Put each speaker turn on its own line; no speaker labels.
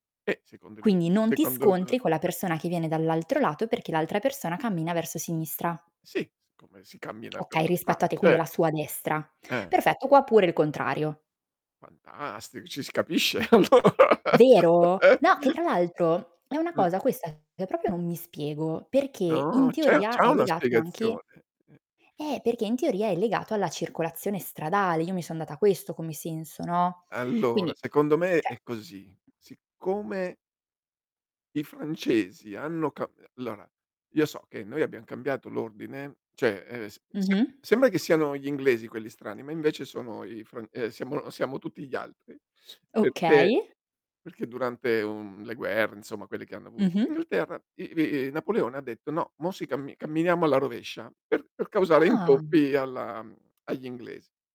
E, secondo il
Quindi,
[unintelligible]
non ti
secondo il
scontri con la persona che viene dall'altro lato, perché l'altra persona cammina verso sinistra.
Sì, s come si cammina per
Okay,
la strada,
rispetto a te quindi
cer
alla sua destra.
Eh.
Perfetto qua pure il contrario.
Fantastico, ci si capisce allora
Vero? No che
eh?
tra l'altro, è una
Uhm.
cosa questa che proprio non mi spiego perché in
Oh, c'è
teoria
c'è
è
una
legato anche
spiegazione, eh,
eh,
sì.
perché in teoria è legato alla circolazione stradale, io mi sono data questo come senso no,
Allora
quindi
secondo me
cioè
è così. Siccome i francesi hanno ca e allora io so che noi abbiam cambiato l'ordine, cioè, ehm, s sem
Mh-mh.
sembra che siano gli inglesi quelli strani, ma invece sono i i fran eh siamo siamo tutti gli altri, perché
Okay.
perché durante, uhm, le guerre insomma quelli che hanno avuto in
Mh-mh.
Inghilterra, i bi i Napoleone ha detto: "No, mo si cammi camminiamo alla rovescia" per per causare
Ah.
intoppi alla mhmm, agli inglesi.